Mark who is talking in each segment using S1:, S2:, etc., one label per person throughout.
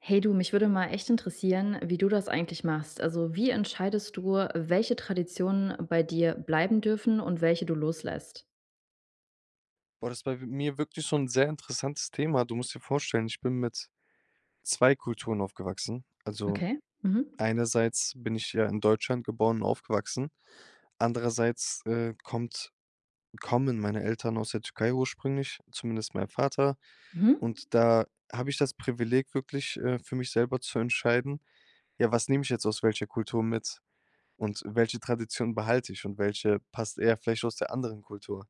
S1: Hey du, mich würde mal echt interessieren, wie du das eigentlich machst. Also, wie entscheidest du, welche Traditionen bei dir bleiben dürfen und welche du loslässt?
S2: Boah, das bei we mir wirklich so 'n sehr interessantes Thema. Du musst dir vorstellen, ich bin mit 2 Kulturen aufgewachsen. Also,
S1: Okay. Mhm.
S2: einerseits bin ich ja in Deutschland geboren und aufgewachsen, andererseits, äh, kommt kommen meine Eltern aus der Türkei ursprünglich, zumindest mein Vater.
S1: Mhm.
S2: Und da habe ich das Privileg, wirklich, äh, für mich selber zu entscheiden: Ja, was nehme ich jetzt aus welcher Kultur mit und welche Tradition behalte ich und welche passt eher vielleicht aus der anderen Kultur?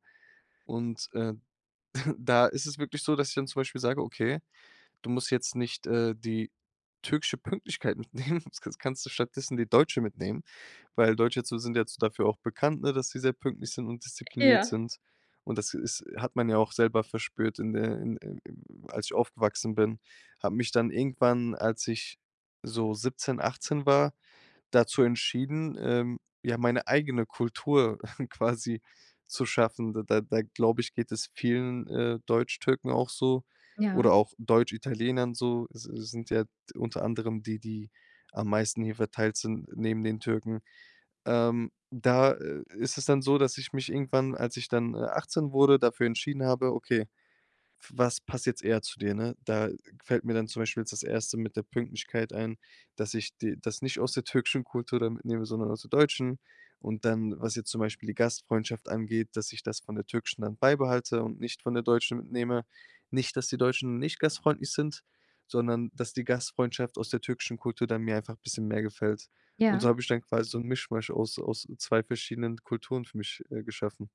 S2: Und, äh, da ist es wirklich so, dass ich dann zum Beispiel sage: „Okay, du musst jetzt nicht, äh, die türkische Pünktlichkeit mitnehmen, das ka das kannst du stattdessen die deutsche mitnehmen, weil Deutsche so sind jetzt dafür auch bekannt, ne, dass sie sehr pünktlich sind und diszipliniert
S1: Ja.
S2: sind.“ Und das ist hat man ja auch selber verspürt in der in in in als ich aufgewachsen bin, habe mich dann irgendwann, als ich so 17, 18 war, dazu entschieden, ähm, ja, meine eigene Kultur quasi zu schaffen. Da da da glaube ich, geht es vielen, äh, Deutschtürken auch so oder
S1: Ja.
S2: auch Deutschitalienern so. Es es sind ja unter anderem die, die am meisten hier verteilt sind neben den Türken. Ähm, da, äh, ist es dann so, dass ich mich irgendwann, als ich dann, äh, 18 wurde, dafür entschieden habe: „Okay, f was passt jetzt eher zu dir“, ne? Da fällt mir dann zum Beispiel jetzt das 1. mit der Pünktlichkeit ein, dass ich die das nicht aus der türkischen Kultur da mitnehme, sondern aus der deutschen. Und dann, was jetzt zum Beispiel die Gastfreundschaft angeht, dass ich das von der türkischen dann beibehalte und nicht von der deutschen mitnehme. Nicht, dass die Deutschen nicht gastfreundlich sind, sondern dass die Gastfreundschaft aus der türkischen Kultur da mir einfach 'n bisschen mehr gefällt. Und so
S1: Ja.
S2: habe ich dann quasi so 'n Mischmasch aus aus 2 verschiedenen Kulturen für mich, äh, geschaffen.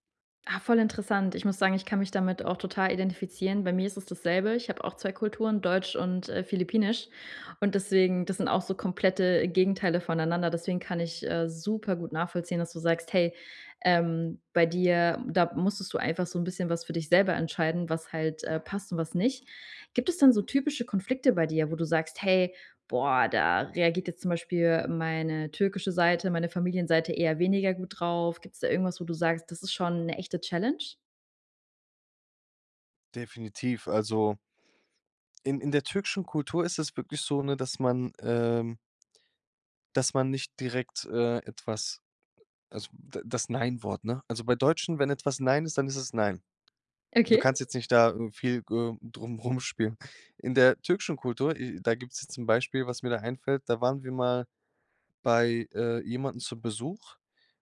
S1: Ah, voll interessant. Ich muss sagen, ich kann mich damit auch total identifizieren. Bei mir ist es dasselbe, ich hab auch 2 Kulturen, deutsch und, äh, philippinisch, und deswegen das sind auch so komplette Gegenteile voneinander, deswegen kann ich, äh, supergut nachvollziehen, dass du sagst, hey, ähm, bei dir, da musstest du einfach so 'n bisschen was für dich selber entscheiden, was halt, äh, passt und was nicht. Gibt es denn so typische Konflikte bei dir, wo du sagst: “Hey, boah, da reagiert jetzt zum Beispiel meine türkische Seite, meine Familienseite eher weniger gut drauf“? Gibt's da irgendwas, wo du sagst, das ist schon 'ne echte Challenge?
S2: Definitiv, also in in der türkischen Kultur ist es wirklich so, ne, dass man, ähm dass man nicht direkt, äh, etwas, also da das Nein Wort, ne? Also, bei Deutschen, wenn etwas „Nein“ ist, dann ist es „Nein.” Du
S1: Okay.
S2: kannst jetzt nicht da viel g äh, drum rumspielen. In der türkischen Kultur äh, da gibt's ja zum Beispiel, was mir da einfällt, da waren wir mal bei, äh, jemanden zu Besuch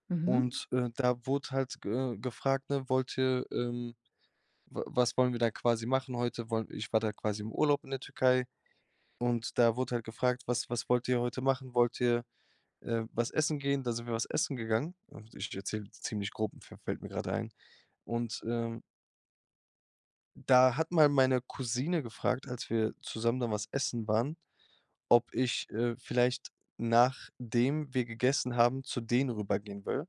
S1: Mhm.
S2: und, äh, da wurde halt, g äh, gefragt, ne: „Wollt ihr, ähm wa was wollen wir dann quasi machen heute.“ Woll ich war da quasi im Urlaub in der Türkei und da wurde halt gefragt: „Was was wollt ihr heute machen? Wollt ihr, äh, was essen gehen?“ Dann sind wir was essen gegangen. Und ich erzähle ziemlich grob, fä fällt mir grade ein. Und, ähm da hat mal meine Cousine gefragt, als wir zusammen dann was essen waren, ob ich, äh, vielleicht, nachdem wir gegessen haben, zu denen rübergehen will,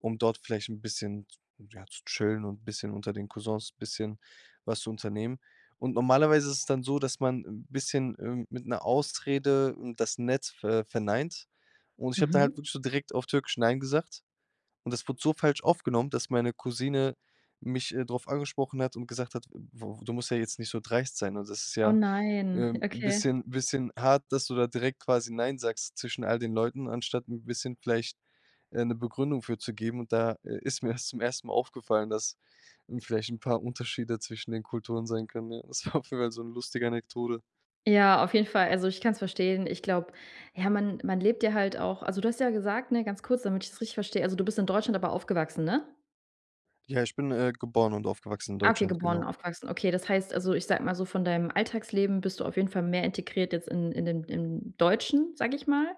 S2: um dort vielleicht 'n bisschen z ja, zu chillen und bisschen unter den Cousins bisschen was zu unternehmen. Und normalerweise ist es dann so, dass man 'n bisschen, ähm, mit 'ner Ausrede, ähm, das nett ver verneint. Und ich habe da
S1: Mhm.
S2: halt wirklich so direkt auf Türkisch „Nein“ gesagt. Und das wurde so falsch aufgenommen, dass meine Cousine mich, äh, drauf angesprochen hat und gesagt hat:„ [unintelligible] Du musst ja jetzt nicht so dreist sein und das ist
S1: Oh
S2: ja,
S1: nein,
S2: ähm, 'n
S1: okay.
S2: bisschen bisschen hart, dass du da direkt quasi „nein“ sagst zwischen all den Leuten, anstatt 'n bisschen vielleicht, äh, 'ne Begründung für zu geben.“ Und da, äh, ist mir das zum 1. Mal aufgefallen, dass, hm, vielleicht 'n paar Unterschiede zwischen den Kulturen sein können, ja. Das war auf jeden Fall so 'n lustige Anekdote.
S1: Ja, auf jeden Fall. Also ich kann's verstehen. Ich glaube, ja, man man lebt ja halt auch also, du hast ja gesagt, ne, ganz kurz, damit ich's richtig verstehe, also du bist in Deutschland aber aufgewachsen, ne?
S2: Ja, ich bin, äh, geboren und aufgewachsen in
S1: Ah, okay,
S2: Deutschland,
S1: geboren und
S2: genau.
S1: aufgewachsen, okay. Das heißt also, ich sage mal so, von deinem Alltagsleben bist du auf jeden Fall mehr integriert jetzt in in den im Deutschen, sage ich mal,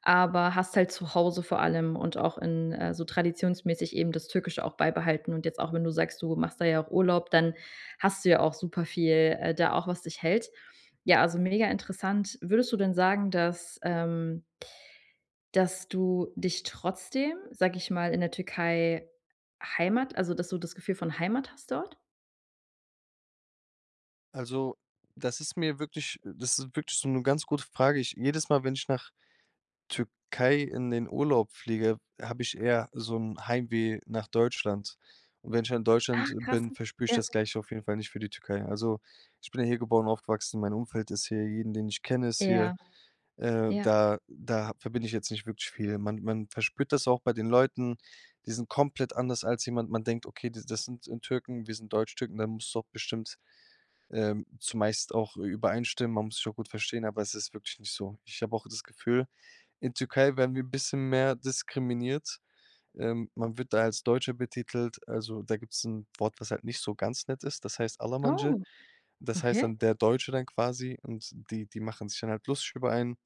S1: aber hast halt zu Hause vor allem und auch in äh, so traditionsmäßig eben das Türkische auch beibehalten und jetzt auch, wenn du sagst, du machst da ja auch Urlaub, dann hast du ja auch super viel, äh, da auch was dich hält. Ja, also mega interessant. Würdest du denn sagen, dass, ähm dass du dich trotzdem, sage ich mal, in der Türkei Heimat also, dass du das Gefühl von Heimat hast dort?
S2: Also, das ist mir wirklich das ist wirklich so 'ne ganz gute Frage. Ich jedes Mal, wenn ich nach Türkei in den Urlaub fliege, habe ich eher so 'n Heimweh nach Deutschland und wenn ich dann in
S1: Ah,
S2: Deutschland
S1: krass.
S2: bin, verspüre ich
S1: Ja.
S2: das Gleiche auf jeden Fall nicht für die Türkei. Also, ich bin ja hier geboren, aufgewachsen, mein Umfeld ist hier jeden, den ich kenne, ist hier.
S1: Ja,
S2: Äh,
S1: ja.
S2: da da ha verbinde ich jetzt nicht wirklich viel. Man man verspürt das auch bei den Leuten, die sind komplett anders als jemand. Man denkt: „Okay, die das sind, äh, Türken, wir sind Deutschtürken, da musst du auch bestimmt, ähm, zumeist auch ü übereinstimmen. Man muss sich auch gut verstehen“, aber es ist wirklich nicht so. Ich habe auch das Gefühl, in Türkei werden wir bisschen mehr diskriminiert. Ähm, man wird da als Deutscher betitelt, also, da gibt's 'n Wort, was halt nicht so ganz nett ist, das heißt. [unintelligible]
S1: Oh,
S2: Das heißt
S1: okay.
S2: dann „der Deutsche“ dann quasi und die die machen sich dann halt lustig über einen.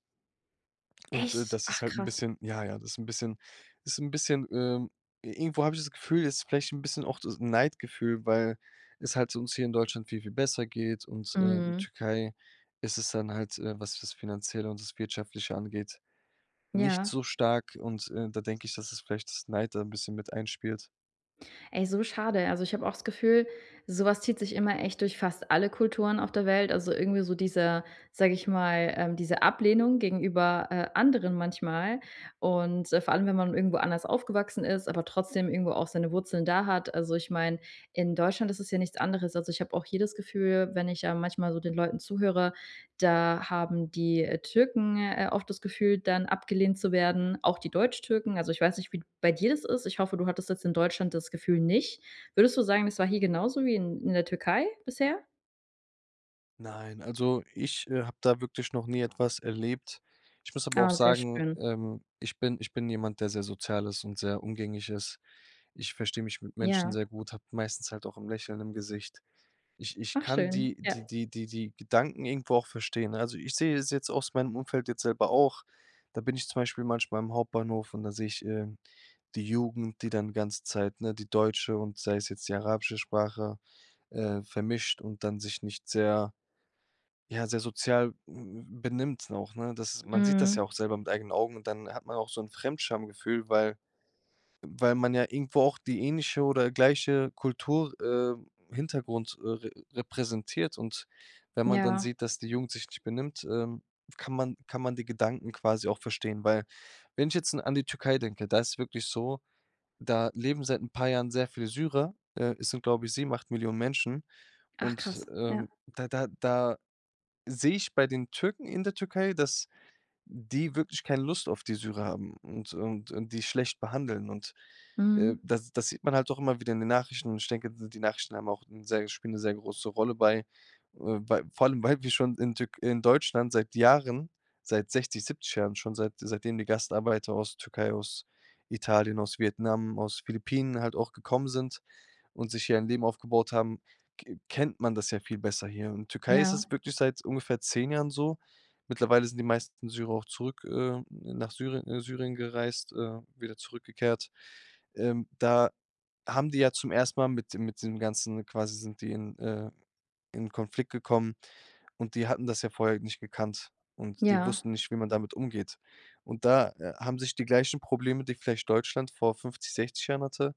S2: Und, äh,
S1: Echt?
S2: das ist
S1: Ach
S2: halt 'n
S1: krass.
S2: bisschen ja, ja, das ist 'n bisschen ist 'n bisschen ähm, irgendwo habe ich das Gefühl, es ist vielleicht 'n bisschen auch das Neidgefühl, weil es halt uns hier in Deutschland viel, viel besser geht und, äh, in
S1: Mhm.
S2: Türkei ist es dann halt, äh, was das Finanzielle und das Wirtschaftliche angeht, nicht
S1: Ja.
S2: so stark und, äh, da denke ich, dass es vielleicht das Neid da 'n bisschen mit einspielt.
S1: Ey, so schade. Also, ich habe auch das Gefühl, so was zieht sich immer echt durch fast alle Kulturen auf der Welt. Also irgendwie so dieser sag ich mal äh, diese Ablehnung gegenüber, äh, anderen manchmal. Und, äh, vor allem, wenn man irgendwo anders aufgewachsen ist, aber trotzdem irgendwo auch seine Wurzeln da hat. Also, ich mein, in Deutschland ist es ja nichts anderes. Also, ich habe auch hier das Gefühl, wenn ich, äh, manchmal so den Leuten zuhöre, da haben die, äh, Türken, äh, auch das Gefühl, dann abgelehnt zu werden, auch die Deutschtürken. Also, ich weiß nicht, wie d bei dir das ist. Ich hoffe, du hattest jetzt in Deutschland das Gefühl nicht. Würdest du sagen: „Es war hier genauso wie in in der Türkei bisher“?
S2: Nein, also ich, äh, habe da wirklich noch nie etwas erlebt. Ich muss aber auch
S1: Ah, sehr
S2: sagen,
S1: schön.
S2: ähm, ich bin ich bin jemand, der sehr sozial ist und sehr umgänglich ist. Ich verstehe mich mit Menschen
S1: Ja.
S2: sehr gut, habe meistens halt auch 'n Lächeln im Gesicht. Ich ich
S1: Ach
S2: kann die
S1: schön, ja.
S2: die die die die Gedanken irgendwo auch verstehen, ne? Also, ich sehe es jetzt aus meinem Umfeld jetzt selber auch. Da bin ich zum Beispiel manchmal im Hauptbahnhof und da sehe ich, ähm, die Jugend, die dann ganze Zeit, ne die deutsche und sei es jetzt die arabische Sprache, äh, vermischt und dann sich nicht sehr ja, sehr sozial m m benimmt auch, ne? Das man sieht das
S1: Mhm.
S2: ja auch selber mit eigenen Augen und dann hat man auch so 'n Fremdschamgefühl, weil weil man ja irgendwo auch die ähnliche oder gleiche Kultur äh, Hintergrund, äh, re repräsentiert. Und wenn man dann
S1: Ja.
S2: sieht, dass die Jugend sich nicht benimmt, ähm, kann man kann man die Gedanken quasi auch verstehen. Weil wenn ich jetzt in an die Türkei denke, da ist wirklich so, da leben seit 'n paar Jahren sehr viel Syrer. Äh, es sind, glaub ich, 7, 8 Millionen Menschen.
S1: Ach
S2: Und,
S1: krass, ja.
S2: ähm, da da da sehe ich bei den Türken, in der Türkei, dass die wirklich keine Lust auf die Syrer haben und und und die schlecht behandeln. Und, äh,
S1: Mhm.
S2: das das sieht man halt auch immer wieder in den Nachrichten. Und ich denke, so die Nachrichten haben auch 'n sehr spielen 'ne sehr große Rolle bei äh, bei vor allem weil wir schon in Tür in Deutschland seit Jahren, seit 60, 70 Jahren, schon seit seitdem die Gastarbeiter aus Türkei, aus Italien, aus Vietnam, aus Philippinen halt auch gekommen sind und sich hier ein Leben aufgebaut haben, k kennt man das ja viel besser hier. In Türkei ist
S1: Ja.
S2: das wirklich seit ungefähr 10 Jahren so. Mittlerweile sind die meisten Syrer auch zurück, äh, nach Syrie äh, Syrien gereist, äh, wieder zurückgekehrt. Ähm, da haben die ja zum ersten Mal mit dem mit den ganzen quasi sind die in, äh in Konflikt gekommen. Und die hatten das ja vorher nicht gekannt und die
S1: Ja.
S2: wussten nicht, wie man damit umgeht. Und da, äh, haben sich die gleichen Probleme, die vielleicht Deutschland vor 50, 60 Jahren hatte,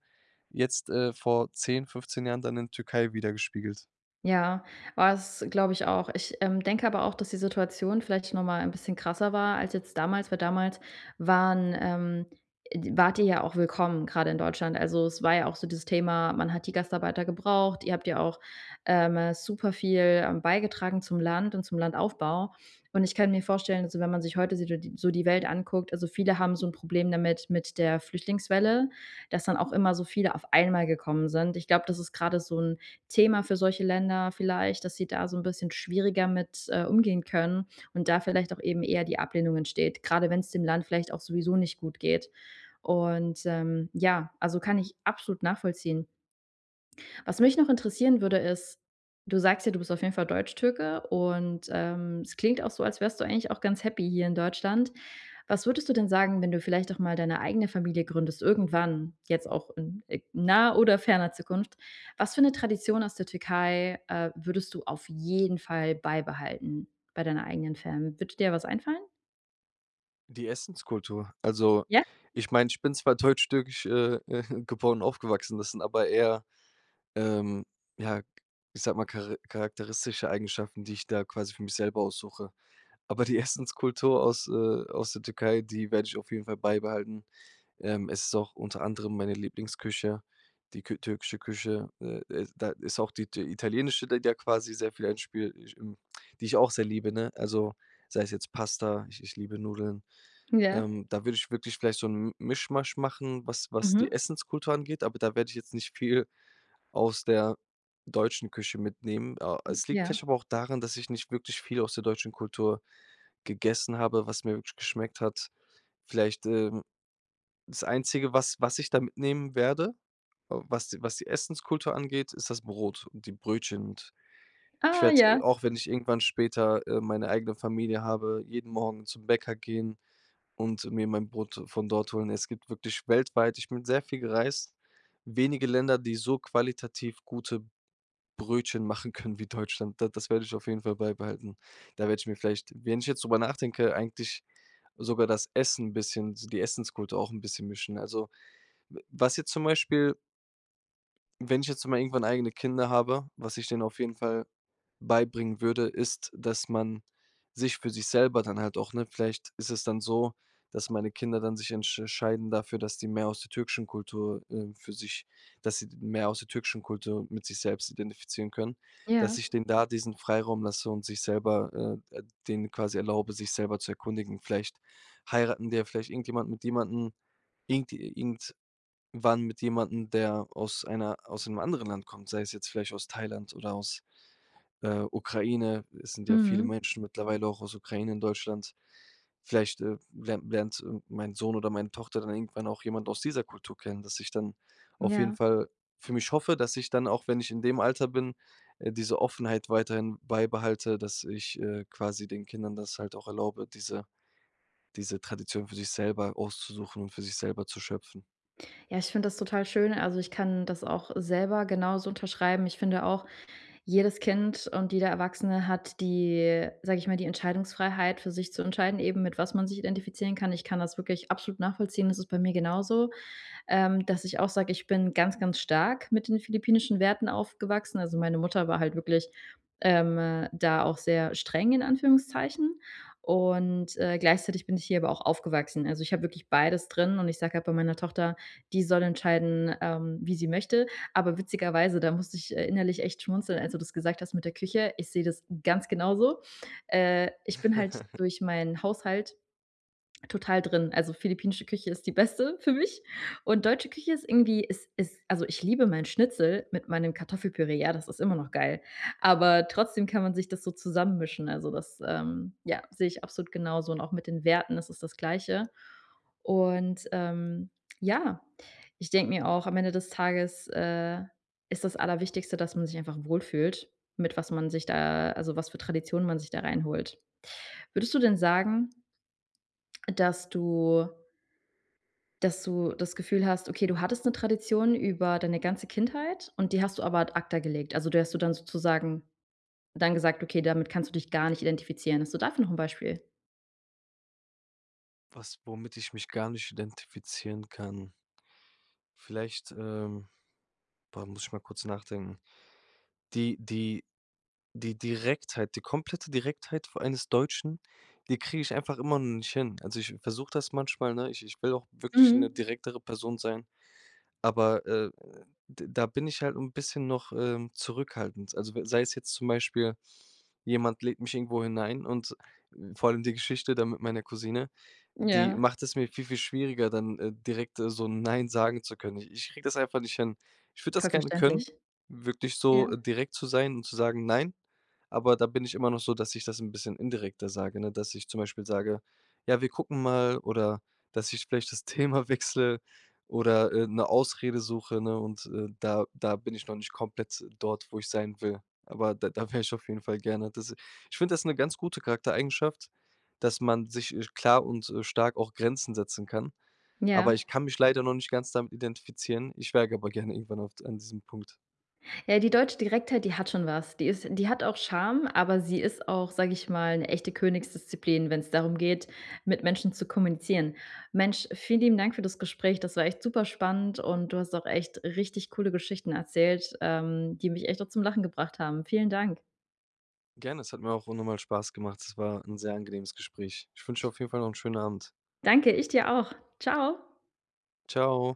S2: jetzt, äh, vor 10, 15 Jahren dann in Türkei widergespiegelt.
S1: Ja, war's glaub ich auch. Ich, ähm, denke aber auch, dass die Situation vielleicht noch mal 'n bisschen krasser war als jetzt damals. Weil damals waren ähm, e d wart ihr ja auch willkommen grade in Deutschland. Also, es war ja auch so dieses Thema: Man hat die Gastarbeiter gebraucht, ihr habt ja auch ähm, äh, super viel, ähm, beigetragen zum Land und zum Landaufbau und ich kann mir vorstellen, also wenn man sich heute so di so die Welt anguckt also viele haben so 'n Problem damit mit der Flüchtlingswelle, dass dann auch immer so viele auf einmal gekommen sind. Ich glaube, das ist grade so 'n Thema für solche Länder vielleicht, dass sie da so 'n bisschen schwieriger mit, äh, umgehen können und da vielleicht auch eben eher die Ablehnung entsteht, grade wenn's dem Land vielleicht auch sowieso nicht gut geht. Und, ähm ja, also kann ich absolut nachvollziehen. Was mich noch interessieren würde, ist, du sagst ja, du bist auf jeden Fall Deutschtürke und, ähm, es klingt auch so, als wärst du eigentlich auch ganz happy hier in Deutschland. Was würdest du denn sagen, wenn du vielleicht doch mal deine eigene Familie gründest irgendwann, jetzt auch in, äh, naher oder ferner Zukunft. Was für 'ne Tradition aus der Türkei, äh, würdest du auf jeden Fall beibehalten bei deiner eigenen Fam. Würde dir da was einfallen?
S2: Die Essenskultur. Also,
S1: Ja.
S2: ich meine, ich bin zwar deutsch, türkisch äh, äh, geboren und aufgewachsen, das sind, aber eher, ähm, ja- ich sage mal- chara charakteristische Eigenschaften, die ich da quasi für mich selber aussuche. Aber die Essenskultur aus, äh, aus der Türkei, die werde ich auf jeden Fall beibehalten. Ähm, es ist auch unter anderem meine Lieblingsküche, die kü türkische Küche, äh, äh, da ist auch die it italienische die da quasi sehr viel einspielt ich hm, die ich auch sehr liebe, ne? Also sei es jetzt Pasta, ich ich liebe Nudeln,
S1: Ja.
S2: ähm, da würde ich wirklich vielleicht so 'n -'n Misch-Masch machen, was was die
S1: Mhm.
S2: Essenskultur angeht, aber da werde ich jetzt nicht viel aus der deutschen Küche mitnehmen. Oh, es liegt vielleicht
S1: Ja.
S2: aber auch daran, dass ich nicht wirklich viel aus der deutschen Kultur gegessen habe, was mir wirklich geschmeckt hat. Vielleicht, ähm, das Einzige, was was ich da mitnehmen werde, was die was die Essenskultur angeht, ist das Brot und die Brötchen. Und ich
S1: Ah
S2: werde, äh,
S1: ja.
S2: auch wenn ich irgendwann später, äh, meine eigene Familie habe, jeden Morgen zum Bäcker gehen und mir mein Brot von dort holen. Es gibt wirklich weltweit- ich bin sehr viel gereist- wenige Länder, die so qualitativ gute Brötchen machen können wie Deutschland. Da das werde ich auf jeden Fall beibehalten. Da werde ich mir vielleicht, wenn ich jetzt drüber nachdenke, eigentlich sogar das Essen 'n bisschen, so die Essenskultur auch 'n bisschen mischen. Also, w was jetzt zum Beispiel wenn ich jetzt mal irgendwann eigene Kinder habe, was ich denen auf jeden Fall beibringen würde, ist, dass man sich für sich selber dann halt auch ne, vielleicht ist es dann so, dass meine Kinder dann sich entsch scheiden dafür, dass die mehr aus der türkischen Kultur, äh, für sich dass sie d mehr aus der türkischen Kultur mit sich selbst identifizieren können. Dass
S1: Ja.
S2: ich denen da diesen Freiraum lasse und sich selber, äh, äh, denen quasi erlaube, sich selber zu erkundigen. Vielleicht heiraten die ja vielleicht irgendjemanden mit jemanden, irgend irgendwann mit jemandem, der aus einer aus 'nem anderen Land kommt, sei es jetzt vielleicht aus Thailand oder aus, äh, Ukraine. Es sind ja viele
S1: Mhm.
S2: Menschen mittlerweile auch aus Ukraine in Deutschland. Vielleicht, äh, lern lernt mein Sohn oder meine Tochter dann irgendwann auch jemand aus dieser Kultur kennen, dass ich dann auf jeden
S1: Ja.
S2: Fall für mich hoffe, dass ich dann auch, wenn ich in dem Alter bin, äh, diese Offenheit weiterhin beibehalte, dass ich, äh, quasi den Kindern das halt auch erlaube, diese diese Tradition für sich selber auszusuchen und für sich selber zu schöpfen.
S1: Ja, ich finde das total schön also, ich kann das auch selber genauso unterschreiben. Ich finde auch, jedes Kind und jeder Erwachsene hat die- sage ich mal- die Entscheidungsfreiheit für sich zu entscheiden, eben mit was man sich identifizieren kann. Ich kann das wirklich absolut nachvollziehen, das ist bei mir genauso, ähm, dass ich auch sage, ich bin ganz, ganz stark mit den philippinischen Werten aufgewachsen. Also, meine Mutter war halt wirklich, ähm, da auch sehr streng in Anführungszeichen und, äh, gleichzeitig bin ich hier aber auch aufgewachsen. Also, ich hab wirklich beides drin und ich sage halt bei meiner Tochter, die soll entscheiden, ähm, wie sie möchte, aber witzigerweise da musste ich, äh, innerlich echt schmunzeln, als du das gesagt hast mit der Küche. Ich sehe das ganz genauso. Äh, ich bin halt durch meinen Haushalt total drin. Also, philippinische Küche ist die beste für mich und deutsche Küche ist irgendwie ist ist, also ich liebe mein Schnitzel mit meinem Kartoffelpüree, ja, das ist immer noch geil. Aber trotzdem kann man sich das so zusammen mischen, also das, ähm, ja, sehe ich absolut genauso und auch mit den Werten, das ist das Gleiche. Und, ähm, ja, ich denke mir auch, am Ende des Tages, äh, ist das Allerwichtigste, dass man sich einfach wohl fühlt, mit was man sich da also was für Traditionen man sich da reinholt. Würdest du denn sagen, dass du dass du das Gefühl hast, okay, du hattest 'ne Tradition über deine ganze Kindheit und die hast du aber ad acta gelegt? Also, die hast dir dann sozusagen dann gesagt, okay, damit kannst du dich gar nicht identifizieren? Hast du dafür noch 'n Beispiel?
S2: Was womit ich mich gar nicht identifizieren kann. Vielleicht, ähm boah, muss ich mal kurz nachdenken. Die die die Direktheit die komplette Direktheit vor allen des Deutschen, die kriege ich einfach immer noch nicht hin. Also, ich versuche das manchmal, ne? Ich ich will auch wirklich 'ne
S1: Mhm.
S2: direktere Person sein, aber, äh, d da bin ich halt 'n bisschen noch, ähm, zurückhaltend. Also we sei es jetzt zum Beispiel, jemand lädt mich irgendwo hin ein und vor allem die Geschichte da mit meiner Cousine, die
S1: Ja.
S2: macht es mir viel, viel schwieriger, dann, äh, direkt so „nein“ sagen zu können. I ich kriege das einfach nicht an, ich würde das
S1: Voll
S2: gerne
S1: verständlich.
S2: können, wirklich so
S1: Ja.
S2: direkt zu sein und zu sagen: „Nein!“ Aber da bin ich immer noch so, dass ich das 'n bisschen indirekter sage, ne, dass ich zum Beispiel sage: „Ja, wir gucken mal“, oder, dass ich vielleicht das Thema wechsle oder, äh, 'ne Ausrede suche, ne, und, äh, da da bin ich noch nicht komplett dort, wo ich sein will. Aber da da wäre ich auf jeden Fall gerne. Das ich finde das 'ne ganz gute Charaktereigenschaft, dass man sich, äh, klar und, äh, stark auch Grenzen setzen kann.
S1: Ja.
S2: Aber ich kann mich leider noch nicht ganz damit identifizieren. Ich wäre g aber gerne irgendwann auf d an diesem Punkt.
S1: Ja, die deutsche Direktheit, die hat schon was. Die ist die hat auch Charme, aber sie ist auch- sage ich mal- 'ne echte Königsdisziplin, wenn's darum geht, mit Menschen zu kommunizieren. Mensch, vielen lieben Dank für das Gespräch. Das war echt super spannend, und du hast auch echt richtig coole Geschichten erzählt, ähm, die mich echt auch zum Lachen gebracht haben. Vielen Dank.
S2: Gerne, es hat mir auch auch unnormal Spaß gemacht. Es war 'n sehr angenehmes Gespräch. Ich wünsche dir auf jeden Fall noch 'n schönen Abend.
S1: Danke, ich dir auch. Ciao.
S2: Ciao.